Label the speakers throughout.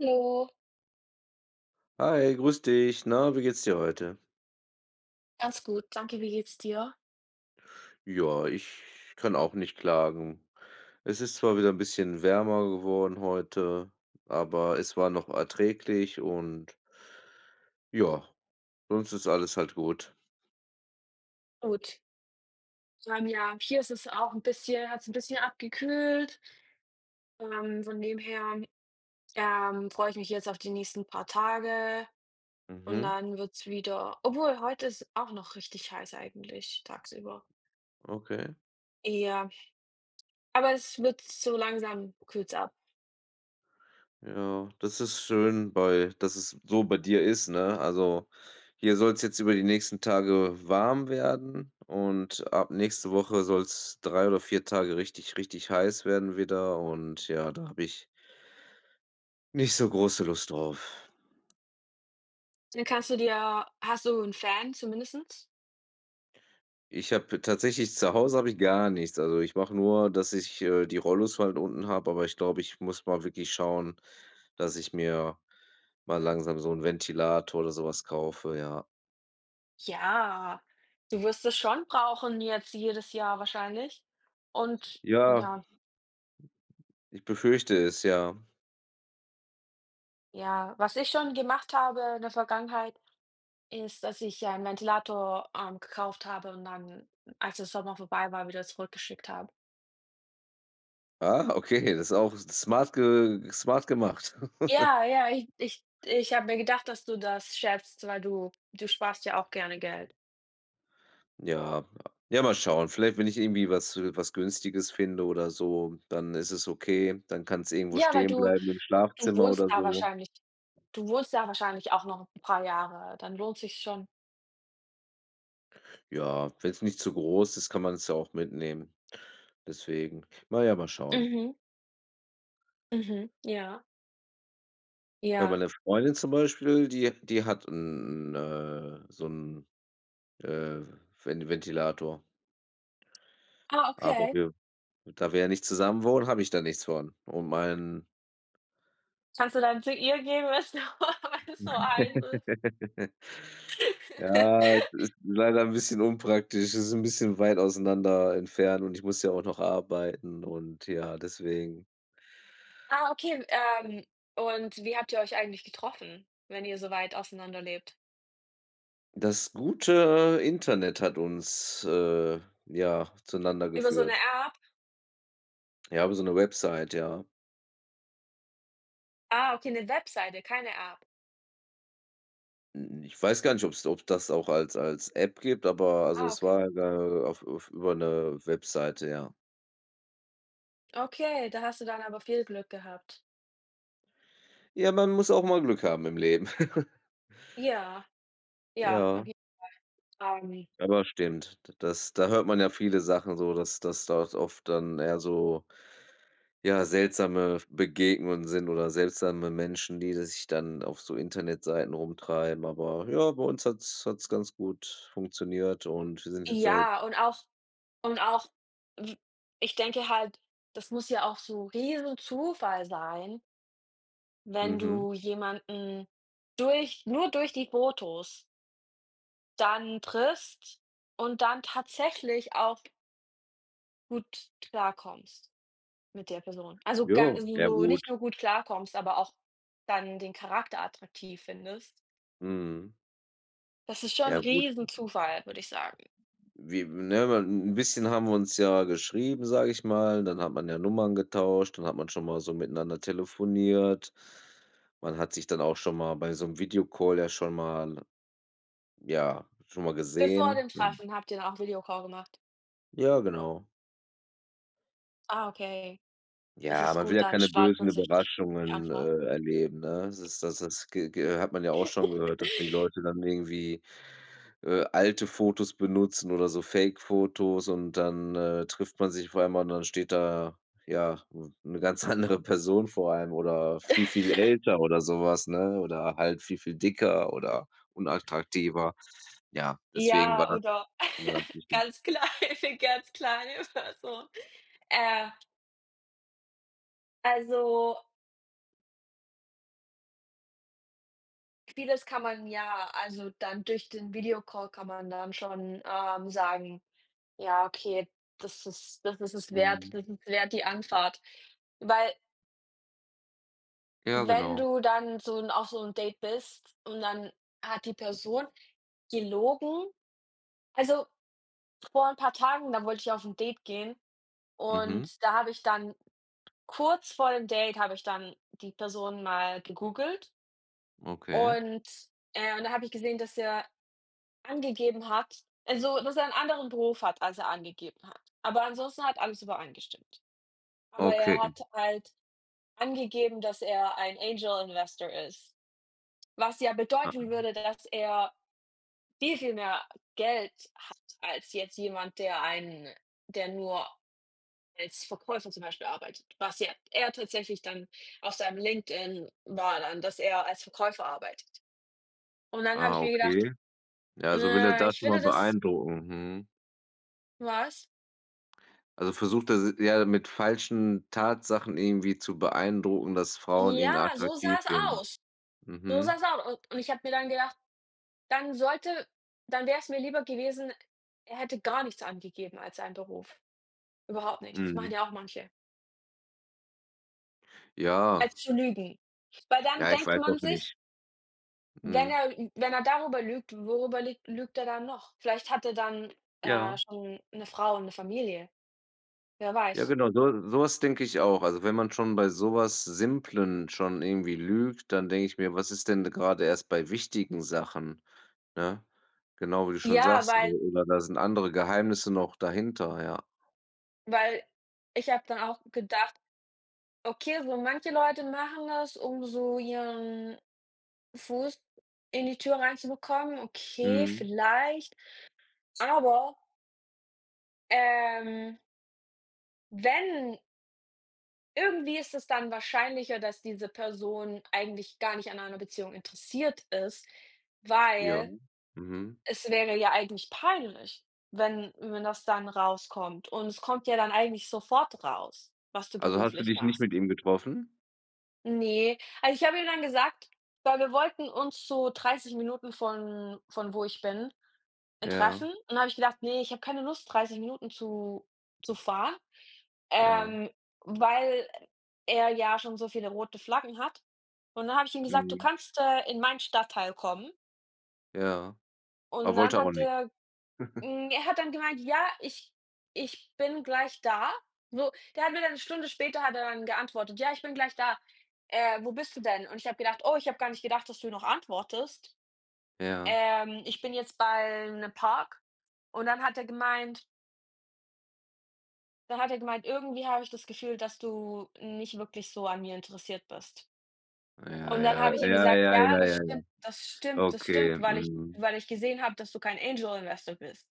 Speaker 1: Hallo.
Speaker 2: Hi, grüß dich. Na, wie geht's dir heute?
Speaker 1: Ganz gut, danke, wie geht's dir.
Speaker 2: Ja, ich kann auch nicht klagen. Es ist zwar wieder 'n bisschen wärmer geworden heute, aber es war noch erträglich und ja, sonst ist alles halt gut.
Speaker 1: Gut. [unintelligible] ja, hier ist es auch 'n bisschen hat's 'n bisschen abgekühlt. Ähm, von dem her, ähm, freue ich mich jetzt auf die nächsten paar Tage und
Speaker 2: Mhm.
Speaker 1: dann wird's wieder obwohl, heute ist 's auch noch richtig heiß eigentlich, tagsüber.
Speaker 2: Okay.
Speaker 1: Ja, aber es wird so langsam kühlt's ab.
Speaker 2: Ja, das ist schön, bei das es so bei dir ist, ne? Also, hier soll's jetzt über die nächsten Tage warm werden und ab nächste Woche soll's 3 oder 4 Tage richtig, richtig heiß werden wieder und ja, da habe ich nicht so große Lust drauf.
Speaker 1: Dann kannst du dir hast du 'n Fan zumindest.
Speaker 2: Ich habe tatsächlich zu Hause habe ich gar nichts. Also, ich mache nur, dass ich, äh, die Rollos halt unten habe, aber ich glaube, ich muss mal wirklich schauen, dass ich mir mal langsam so 'n Ventilator oder so was kaufe, ja.
Speaker 1: Ja, du wirst es schon brauchen jetzt jedes Jahr wahrscheinlich und
Speaker 2: Ja.
Speaker 1: ja.
Speaker 2: Ich befürchte es, ja.
Speaker 1: Ja, was ich schon gemacht habe in der Vergangenheit ist, dass ich ja 'n Ventilator, ähm, gekauft habe und dann, als der Sommer vorbei war, wieder zurückgeschickt habe.
Speaker 2: Ach okay, das ist auch smart ge smart gemacht.
Speaker 1: Ja, ja, ich ich ich habe mir gedacht, dass du das schätzt, weil du du sparst ja auch gerne Geld.
Speaker 2: Ja, ja mal schauen, vielleicht wenn ich irgendwie was äh, was Günstiges finde oder so, dann ist es okay, dann kann's irgendwo
Speaker 1: Ja, weil
Speaker 2: stehen
Speaker 1: du
Speaker 2: bleiben im
Speaker 1: du
Speaker 2: Schlafzimmer
Speaker 1: wohnst
Speaker 2: oder
Speaker 1: da
Speaker 2: so.
Speaker 1: wahrscheinlich du wohnst da wahrscheinlich auch noch 'n paar Jahre, dann lohnt sich's schon.
Speaker 2: Ja, wenn's nicht zu groß ist, kann man das ja auch mitnehmen. Deswegen, na ja, mal schauen.
Speaker 1: Mhm. Mhm, ja.
Speaker 2: Bei
Speaker 1: Ja.
Speaker 2: meiner Freundin zum Beispiel, die die hat 'n 'n, äh so 'n, äh, Ven Ventilator.
Speaker 1: Ah,
Speaker 2: Aber
Speaker 1: okay.
Speaker 2: wir da wir ja nicht zusammen wohnen, habe ich da nichts von. Und mein
Speaker 1: Kannst du dann zu ihr gehen wenn's wenn es so heiß ist?
Speaker 2: Ja, ist leider 'n bisschen unpraktisch, ist 'n bisschen weit auseinander entfernt und ich muss ja auch noch arbeiten und ja, deswegen.
Speaker 1: Ah, okay, ähm, und wie habt ihr euch eigentlich getroffen, wenn ihr so weit auseinanderlebt?
Speaker 2: Das gute Internet hat uns, äh, ja zueinander
Speaker 1: Über so 'ne
Speaker 2: geführt.
Speaker 1: App?
Speaker 2: Ja, über so' ne Website, ja.
Speaker 1: Ah, okay, 'ne Webseite, keine App.
Speaker 2: N n ich weiß gar nicht, ob's ob das auch als als App gibt, aber also
Speaker 1: Ah,
Speaker 2: es
Speaker 1: okay.
Speaker 2: war [unintelligible] auf auf über 'ne Webseite, ja.
Speaker 1: Okay, da hast du dann aber viel Glück gehabt.
Speaker 2: Ja, man muss auch mal Glück haben im Leben.
Speaker 1: Ja. Ja, auf
Speaker 2: Ja.
Speaker 1: jeden Fall. Ähm
Speaker 2: Aber stimmt. D das da hört man ja viele Sachen so, dass das dort oft dann eher so, ja seltsame V Begegnungen sind oder seltsame Menschen, die sich dann auf so Internetseiten rumtreiben. Aber ja, bei uns hat's hat's ganz gut funktioniert und wir sind jetzt seit
Speaker 1: Ja, und auch und auch, w ich denke halt, das muss ja auch so Riesenzufall sein wenn
Speaker 2: Mhm.
Speaker 1: du jemanden durch nur durch die Fotos dann triffst und dann tatsächlich auch gut klarkommst mit der Person. Also, gan
Speaker 2: Ja,
Speaker 1: also,
Speaker 2: ja
Speaker 1: so
Speaker 2: gut.
Speaker 1: nicht nur gut klarkommst, aber auch dann den Charakter attraktiv findest.
Speaker 2: Mhm.
Speaker 1: Das ist schon 'n
Speaker 2: Ja gut. [unintelligible]
Speaker 1: Riesenzufall, würde ich sagen.
Speaker 2: Wi ne, mal 'n 'n bisschen haben wir uns ja geschrieben, sage ich mal, dann hat man ja Nummern getauscht, dann hat man schon mal so miteinander telefoniert. Man hat sich dann auch schon mal bei so'm Video-Call ja schon mal, ja schon mal
Speaker 1: Bevor
Speaker 2: gesehen,
Speaker 1: dem
Speaker 2: ja.
Speaker 1: Treffen habt ihr dann auch Video-Call gemacht?
Speaker 2: Ja, genau.
Speaker 1: Ah, okay. Das
Speaker 2: Ja,
Speaker 1: ist
Speaker 2: man will
Speaker 1: gut,
Speaker 2: ja
Speaker 1: dann
Speaker 2: keine
Speaker 1: spart
Speaker 2: bösen
Speaker 1: man sich die
Speaker 2: Überraschungen,
Speaker 1: Antwort.
Speaker 2: äh, erleben, ne? Das ist das das g g hat man ja auch schon gehört, dass die Leute dann irgendwie, äh, alte Fotos benutzen oder so Fake-Fotos und dann, äh, trifft man sich vor allem und dann steht da, ja, 'n 'ne ganz andere Person vor einem oder viel, viel älter oder sowas, ne, oder halt viel, viel dicker oder unattraktiver. Ja, deswegen war
Speaker 1: Ja
Speaker 2: dann
Speaker 1: oder
Speaker 2: schwier äh, wichtig.
Speaker 1: ganz klar, ganz klar, ist das so. Äh. Also Vieles kann man ja also, dann durch den Videocall kann man dann schon, ähm, sagen: „Ja, okay, das ist das ist es wert,
Speaker 2: Mhm.
Speaker 1: das ist wert die Anfahrt.“ Weil
Speaker 2: Ja,
Speaker 1: wenn
Speaker 2: genau.
Speaker 1: du dann so 'n auf so 'n Date bist und dann hat die Person gelogen, also, vor 'n paar Tagen, da wollte ich auf 'n Date gehen
Speaker 2: Mhm.
Speaker 1: und da habe ich dann kurz vor dem Date habe ich dann die Person mal gegoogelt.
Speaker 2: Okay.
Speaker 1: Und äh, und da habe ich gesehen, dass er angegeben hat also, dass er 'n anderen Beruf hat, als er angegeben hat. Aber ansonsten hat alles übereingestimmt. Aber er
Speaker 2: Okay.
Speaker 1: hat halt angegeben, dass er ein Angel Investor ist. Was ja bedeuten
Speaker 2: Aha.
Speaker 1: würde, dass er viel, viel mehr Geld hat als jetzt jemand, der einen der nur als Verkäufer zum Beispiel arbeitet. Was ja eher tatsächlich dann auf seinem LinkedIn war dann, dass er als Verkäufer arbeitet. Und dann habe
Speaker 2: Ah,
Speaker 1: ich mir gedacht:
Speaker 2: okay. Ja, so will er
Speaker 1: „Äh,
Speaker 2: da
Speaker 1: ich
Speaker 2: drüber
Speaker 1: finde das"
Speaker 2: beeindrucken. Mhm.
Speaker 1: Was?
Speaker 2: Also, versucht er s ja, mit falschen Tatsachen irgendwie zu beeindrucken, dass Frauen ihn
Speaker 1: Ja, so
Speaker 2: attraktiv
Speaker 1: sah's
Speaker 2: finden.
Speaker 1: aus. So
Speaker 2: Mhm.
Speaker 1: sah's aus und und ich habe mir dann gedacht, dann sollte dann wär's mir lieber gewesen, er hätte gar nichts angegeben als seinen Beruf. Überhaupt nichts, machen
Speaker 2: Mhm.
Speaker 1: ja auch manche.
Speaker 2: Ja.
Speaker 1: Als zu lügen, weil dann
Speaker 2: Ja, ich
Speaker 1: denkt
Speaker 2: weiß
Speaker 1: man
Speaker 2: auch
Speaker 1: sich
Speaker 2: nicht
Speaker 1: wenn
Speaker 2: Mhm.
Speaker 1: er ü wenn er darüber lügt, worüber lüg lügt er dann noch? Vielleicht hat er dann, äh,
Speaker 2: Ja.
Speaker 1: schon 'ne Frau und 'ne Familie, wer
Speaker 2: Ja,
Speaker 1: weiß.
Speaker 2: genau, so so was denke ich auch. Also, wenn man schon bei sowas Simplen schon irgendwie lügt, dann denke ich mir, was ist denn grade erst bei wichtigen Sachen, ne? Genau wie du schon
Speaker 1: Ja,
Speaker 2: sagst,
Speaker 1: weil
Speaker 2: oder da sind andere Geheimnisse noch dahinter, ja.
Speaker 1: weil, ich habe dann auch gedacht: „Okay, so manche Leute machen das, um so ihren Fuß in die Tür reinzubekommen.“ Okay,
Speaker 2: Mhm.
Speaker 1: vielleicht, aber ähm wenn irgendwie ist es dann wahrscheinlicher, dass diese Person eigentlich gar nicht an einer Beziehung interessiert ist,
Speaker 2: Ja,
Speaker 1: weil
Speaker 2: mhm.
Speaker 1: es wäre ja eigentlich peinlich, wenn wenn das dann rauskommt. Und es kommt ja dann eigentlich sofort raus, was du
Speaker 2: Also, hast du
Speaker 1: beruflich
Speaker 2: dich nicht
Speaker 1: machst.
Speaker 2: mit ihm getroffen?
Speaker 1: Ne, also, ich habe ihm dann gesagt weil wir wollten uns so 30 Minuten von von wo ich bin, äh,
Speaker 2: Ja.
Speaker 1: treffen und dann habe ich gedacht: „Ne, ich habe keine Lust, 30 Minuten zu zu fahren,
Speaker 2: Ja.
Speaker 1: ähm, weil er ja schon so viele rote Flaggen hat.“ Und dann habe ich ihm gesagt: „Du
Speaker 2: Mhm.
Speaker 1: kannst, äh, in mein Stadtteil kommen.“
Speaker 2: Ja. Er
Speaker 1: Und dann
Speaker 2: wollte auch
Speaker 1: hat
Speaker 2: nicht.
Speaker 1: er hm, er hat dann gemeint: „Ja, ich ich bin gleich da.“ So, der hat mir dann 'ne Stunde später hat er dann geantwortet: „Ja, ich bin gleich da. Äh, wo bist du denn?“ Und ich habe gedacht: „Oh, ich habe gar nicht gedacht, dass du noch antwortest.
Speaker 2: Ja.
Speaker 1: Ähm, ich bin jetzt bei 'nem Park.“ Und dann hat er gemeint dann hat er gemeint: „Irgendwie habe ich das Gefühl, dass du nicht wirklich so an mir interessiert bist.“
Speaker 2: Ja,
Speaker 1: Und dann
Speaker 2: ja,
Speaker 1: habe ich ihm
Speaker 2: ja,
Speaker 1: gesagt:
Speaker 2: ja,
Speaker 1: „Ja,
Speaker 2: ja,
Speaker 1: das
Speaker 2: ja, ja,
Speaker 1: stimmt, das stimmt, das
Speaker 2: okay.
Speaker 1: stimmt, weil ich
Speaker 2: Mhm.
Speaker 1: weil ich gesehen habe, dass du kein Angel Investor bist.“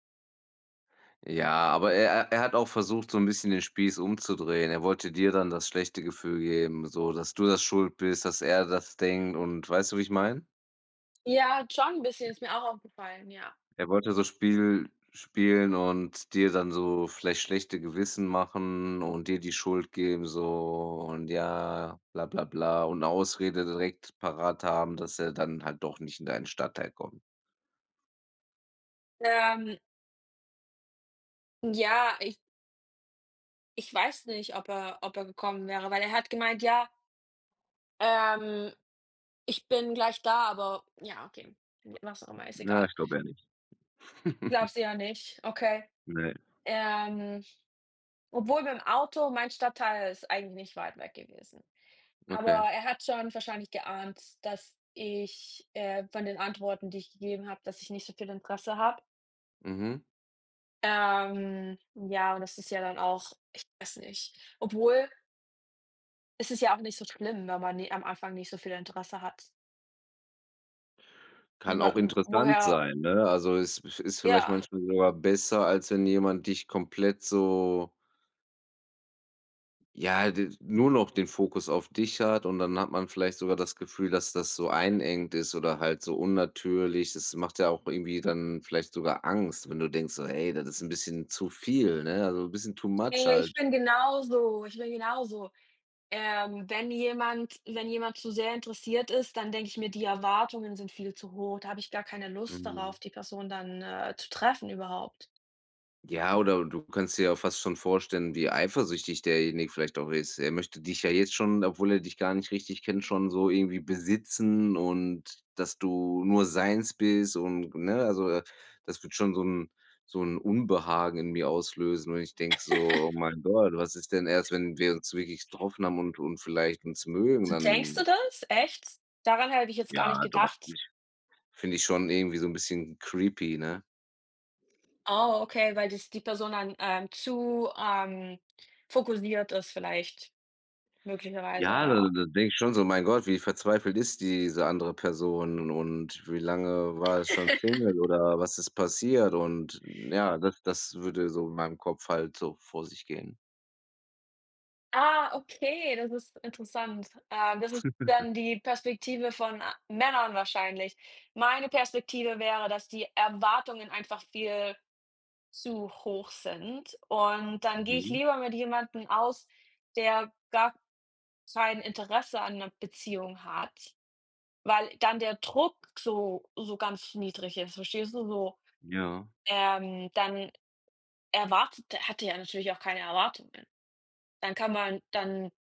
Speaker 2: Ja, aber er er er hat auch versucht, so 'n bisschen den Spieß umzudrehen. Er wollte dir dann das schlechte Gefühl geben, so, dass du da schuld bist, dass er das denkt und weißt du, wie ich meine?
Speaker 1: Ja, halt schon 'n bisschen ist mir auch aufgefallen, ja.
Speaker 2: Er wollte so Spiel spielen und dir dann so vielleicht schlechte Gewissen machen und dir die Schuld geben so und ja bla bla bla und Ausrede direkt parat haben, dass er dann halt doch nicht in deinen Stadtteil kommt.
Speaker 1: Ähm Ja, ich Ich weiß nicht, ob er ob er gekommen wäre, weil er hat gemeint: „Ja“ „ähm, ich bin gleich da, aber“ ja, okay, was auch immer, ist
Speaker 2: Na
Speaker 1: egal.
Speaker 2: ich glaube eher nicht.
Speaker 1: Glaubst eher nicht, okay.
Speaker 2: Ne.
Speaker 1: Ähm, obwohl, mit'm Auto mein Stadtteil ist eigentlich nicht weit weg gewesen, aber
Speaker 2: Okay.
Speaker 1: er hat schon wahrscheinlich geahnt, dass ich, äh von den Antworten, die ich gegeben habe, dass ich nicht so viel Interesse habe.
Speaker 2: Mhm.
Speaker 1: Ähm, ja, und das ist ja dann auch ich weiß nicht. Obwohl es ist ja auch nicht so schlimm, wenn man, ne am Anfang nicht so viel Interesse hat.
Speaker 2: Kann
Speaker 1: Wa
Speaker 2: auch
Speaker 1: w
Speaker 2: interessant
Speaker 1: woher.
Speaker 2: sein, ne? Also, is ist vielleicht
Speaker 1: Ja.
Speaker 2: manchmal sogar besser, als wenn jemand dich komplett so ja, d nur noch den Fokus auf dich hat und dann hat man vielleicht sogar Gefühl, dass das so einengend ist oder halt so unnatürlich. Das macht ja auch irgendwie dann vielleicht sogar Angst, wenn du denkst so: „Hey, das ist 'n bisschen zu viel, ne, also, bisschen too much
Speaker 1: Ne ich
Speaker 2: halt.“
Speaker 1: bin genauso. Ich bin genauso. Ähm, wenn jemand wenn jemand zu sehr interessiert ist, dann denke ich mir: „Die Erwartungen sind viel zu hoch.“ Da habe ich gar keine Lust
Speaker 2: Mhm.
Speaker 1: darauf, die Person dann, äh, zu treffen überhaupt.
Speaker 2: Ja, oder du kannst dir ja fast schon vorstellen, wie eifersüchtig derjenige vielleicht auch ist. Er möchte dich ja jetzt schon, obwohl er dich gar richtig kennt, schon so irgendwie besitzen und, dass du nur seins bist und, ne? Also, das würde schon so 'n so 'n Unbehagen in mir auslösen und ich denke so: „Oh mein Gott, was ist denn erst, wenn wir uns wirklich getroffen haben und und vielleicht uns mögen,
Speaker 1: Denkst du
Speaker 2: dann“
Speaker 1: das, echt? Daran hätte ich jetzt gar nicht
Speaker 2: Ja doch, finde
Speaker 1: gedacht.
Speaker 2: ich finde ich schon irgendwie so 'n bisschen creepy, ne?
Speaker 1: Oh. okay, weil dich die Person dann ähm, zu, ähm, fokussiert ist vielleicht möglicherweise,
Speaker 2: Ja, d
Speaker 1: ja.
Speaker 2: da denke ich schon so: „Mein Gott, wie verzweifelt ist diese andere Person und wie lange war es schon single oder was ist passiert und ja, das das würde so in meinem Kopf halt so vor sich gehen.
Speaker 1: Ah, okay, das ist interessant. Äh, das ist dann die Perspektive von, äh, Männern wahrscheinlich. Meine Perspektive wäre, dass die Erwartungen einfach viel zu hoch sind und dann gehe ich
Speaker 2: Mhm.
Speaker 1: lieber mit jemandem aus, der gar kein Interesse an 'ner Beziehung hat, weil dann der Druck so so ganz niedrig ist, verstehst du? So,
Speaker 2: Ja.
Speaker 1: ähm, dann erwartet der hat er natürlich auch keine Erwartungen. Dann kann man dann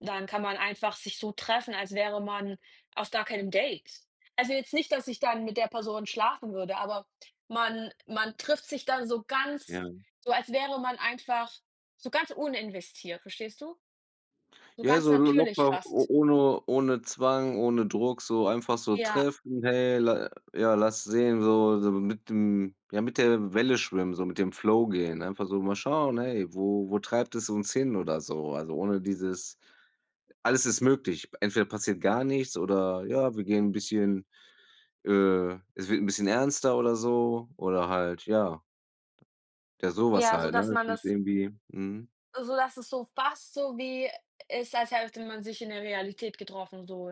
Speaker 1: dann kann man einfach sich so treffen, als wäre man auf gar keinem Date. Also, jetzt nicht, dass ich dann mit der Person schlafen würde, aber man man trifft sich dann so ganz
Speaker 2: Ja.
Speaker 1: so, als wäre man einfach so ganz uninvestiert, verstehst du? So
Speaker 2: Ja,
Speaker 1: ganz
Speaker 2: so
Speaker 1: natürlich
Speaker 2: locker,
Speaker 1: fast.
Speaker 2: o ohne ohne Zwang, ohne Druck, so einfach so
Speaker 1: Ja.
Speaker 2: treffen: „Hey, la ja, lass sehen.“ So so mit dem ja, mit der Welle schwimmen, so mit dem Flow gehen. Einfach so mal schauen: „Hey, wo wo treibt es uns hin“ oder so. Also, ohne dieses alles ist möglich, entweder passiert gar nichts oder ja, wir gehen 'n bisschen, äh es wird 'n bisschen ernster oder so oder halt, ja, der sowas
Speaker 1: Ja,
Speaker 2: halt, ne,
Speaker 1: sodass man
Speaker 2: das ist
Speaker 1: das
Speaker 2: irgendwie mhm.
Speaker 1: sodass es so fast so wie ist als hätte man sich in der Realität getroffen so.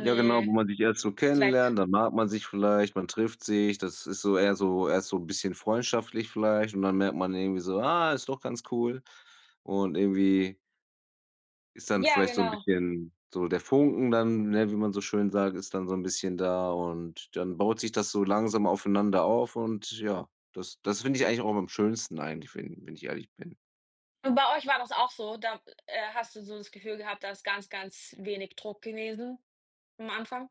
Speaker 2: Ja genau, wo man sich erst so
Speaker 1: Zweck.
Speaker 2: kennenlernt, dann mag man sich vielleicht, man trifft sich, das ist so eher so erst so bisschen freundschaftlich vielleicht und dann merkt man irgendwie so: „Ah, ist doch ganz cool.“ Und irgendwie ist dann
Speaker 1: Ja,
Speaker 2: vielleicht so 'n
Speaker 1: genau.
Speaker 2: bisschen so der Funken dann, ne, wie man so schön sagt ist dann so 'n bisschen da und dann baut sich das so langsam aufeinander auf und ja, das das finde ich eigentlich auch am schönsten eigentlich, wenn wenn ich ehrlich bin.
Speaker 1: Und bei euch war das auch so, da äh, hast du so das Gefühl gehabt, da ist ganz, ganz wenig Druck gewesen am Anfang.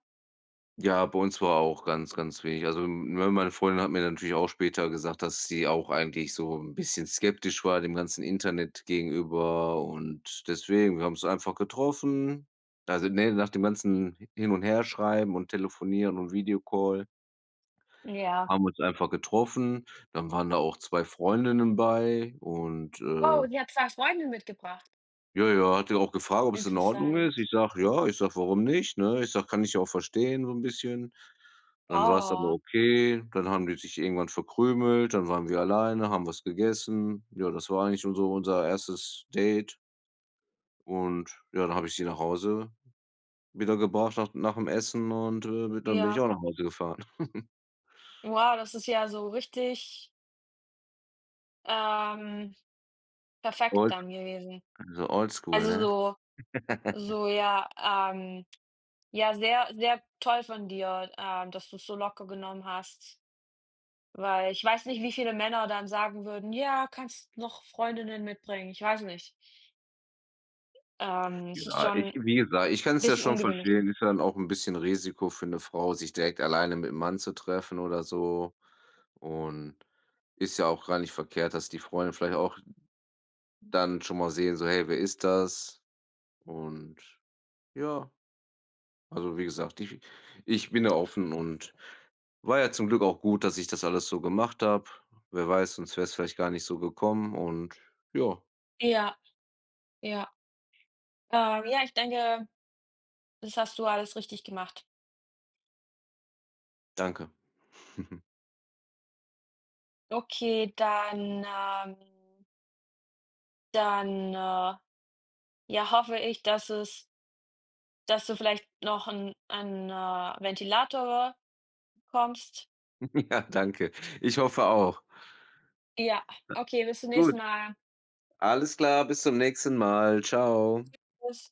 Speaker 2: Ja, bei uns war auch ganz ganz wenig. Also, ne, meine Freundin hat mir natürlich auch später gesagt, dass sie auch eigentlich so 'n bisschen skeptisch war dem ganzen Internet gegenüber und deswegen: Wir haben uns einfach getroffen. Also, ne, nach dem ganzen hin und her schreiben und telefonieren und Video-Call
Speaker 1: Ja.
Speaker 2: haben wir uns einfach getroffen. Dann waren da auch 2 Freundinnen bei und, äh
Speaker 1: Wow, die hat 2 Freundinnen mitgebracht?
Speaker 2: Ja, ja, hat die auch gefragt, ob es in Ordnung ist.
Speaker 1: Interessant.
Speaker 2: Ich sage: „Ja." Ich sage:„ Warum nicht“, ne? Ich sage: „Kann ich ja auch verstehen so 'n bisschen.“ Dann war's aber
Speaker 1: Wow.
Speaker 2: okay, dann haben die sich irgendwann verkrümelt, dann waren wir alleine, haben was gegessen. Ja, das war eigentlich unser unser 1. Date. Und, ja, da habe ich sie nach Hause wieder gebraucht nach d nach'm Essen und, äh, be dann bin ich
Speaker 1: Ja.
Speaker 2: auch nach Hause gefahren.
Speaker 1: Wow, das ist ja so richtig ähm, perfekt
Speaker 2: Old
Speaker 1: dann gewesen.
Speaker 2: so oldschool,
Speaker 1: Also,
Speaker 2: ne?
Speaker 1: so so ja, ähm, ja sehr, sehr toll von dir, ähm, dass du's so locker genommen hast. Weil ich weiß nicht, wie viele Männer dann sagen würden: „Ja, kannst noch Freundinnen mitbringen.“ Ich weiß nicht. Ähm, es ist
Speaker 2: Ja, ich
Speaker 1: schon
Speaker 2: wie gesagt, ich kann's ja
Speaker 1: bisschen
Speaker 2: schon
Speaker 1: ungewöhnlich.
Speaker 2: verstehen, ist ja dann auch 'n bisschen Risiko für 'ne Frau, sich direkt alleine mit 'nem Mann zu treffen oder so. Und ist ja auch gar nicht verkehrt, dass die Freunde vielleicht auch dann schon mal sehen, so: „Hey, wer ist das?“ Und, ja, also, wie gesagt, ich ich bin ja offen und war ja zum Glück auch gut, dass ich das alles so gemacht habe. Wer weiß, sonst wär's vielleicht gar nicht so gekommen und ja.
Speaker 1: Ja, ja. Ähm, ja, ich denke, das hast du alles richtig gemacht.
Speaker 2: Danke.
Speaker 1: Okay, dann, ähm Dann, äh, ja, hoffe ich, dass es dass du vielleicht noch 'n ein, äh, Ventilator bekommst.
Speaker 2: Ja, danke. Ich hoffe auch.
Speaker 1: Ja,
Speaker 2: [unintelligible]
Speaker 1: okay, bis zum nächsten
Speaker 2: Gut.
Speaker 1: Mal.
Speaker 2: Alles klar bis zum nächsten mal. Tschau.
Speaker 1: Tschüss.